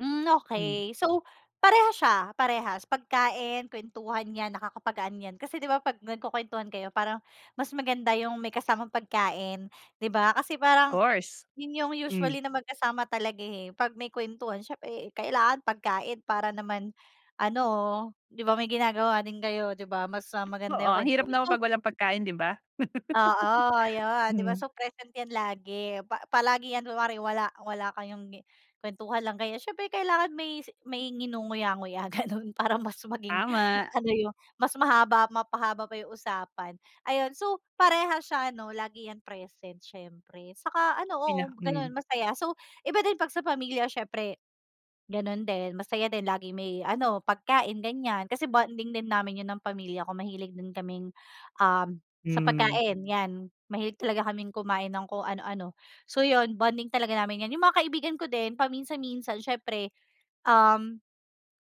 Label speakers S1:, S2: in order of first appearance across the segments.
S1: Hmm,
S2: Hmm.
S1: okay. So, parehas siya, parehas, pagkain, kuwentuhan 'yan, nakakapagaan 'yan. Kasi, 'di ba, pag nagkukuwentuhan kayo parang mas maganda 'yong may kasamang pagkain, 'di ba. Kasi parang
S2: Course.
S1: 'yon 'yong
S2: Hmm.
S1: usually na magkasama talaga, eh, pag may kuwentuhan, siyempre kailangan pagkain para naman ano, 'di ba, may ginagawa din kayo, 'di ba, mas, ah, maganda
S2: Oo.
S1: 'yong
S2: Ang hirap
S1: kwentuhan.
S2: naman
S1: So
S2: pag walang pagkain, 'di ba?
S1: Oo, ayun, 'di ba,
S2: Mm.
S1: so present 'yan lagi, pa palagi 'yan. Kunwari wala wala kayong gi kuwentuhan lang kayo, siyempre kailangan may si may nginunguya-nguya gano'n, para mas maging,
S2: Tama.
S1: ano 'yong mas mahaba mapahaba pa 'yong usapan. Ayun, so parehas siya ano, lagi 'yan present siyempre saka ano oo,
S2: Pina hmm.
S1: gano'n masaya. So, iba din pag sa pamilya siyempre gano'n din, masaya din lagi may ano, pagkain, ganiyan, kasi bonding din namin 'yon ng pamilya ko, mahilig din kaming um, sa
S2: Hmm.
S1: pagkain 'yan mahilig talaga kaming kumain ng kung ano-ano. So, 'yon bonding talaga namin yan. 'Yong mga kaibigan ko din paminsan-minsan siyempre, um,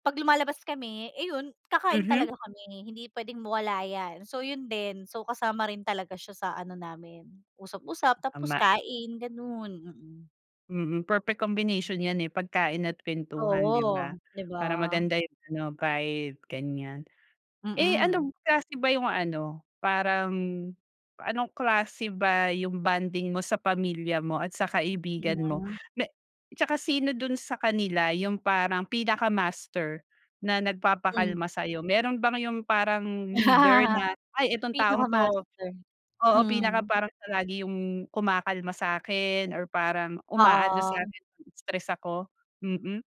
S1: pag lumalabas kami, eh, 'yon kakain
S2: Mhm.
S1: talaga kami hindi pwedeng mawala 'yan. So, 'yon din, so kasama rin talaga siya sa ano namin, usap-usap tapos
S2: Tama.
S1: kain, gano'n. Mm.
S2: Mm. Perfect combination 'yan, eh, pagkain at kwentuhan, 'di ba,
S1: Oo, 'di ba?
S2: para maganda 'yong ano, vibe, ganiyan. Eh, ano b
S1: Mm.
S2: klase ba 'yong ano, parang, anong klase ba 'yong bonding mo sa pamilya mo at sa kaibigan mo
S1: Iinga
S2: na 'tsaka sino do'n sa kanila 'yong parang pinaka-master na
S1: Hmm.
S2: nagpapakalma sa'yo? Meron bang 'yong parang leader na, ay itong taong 'to
S1: Pinaka-master.
S2: oo, pinaka
S1: Mm.
S2: parang siya lagi 'yong kumakalma sa'kin or parang umaalo
S1: Oo.
S2: sa'min pag-stress ako. Mm.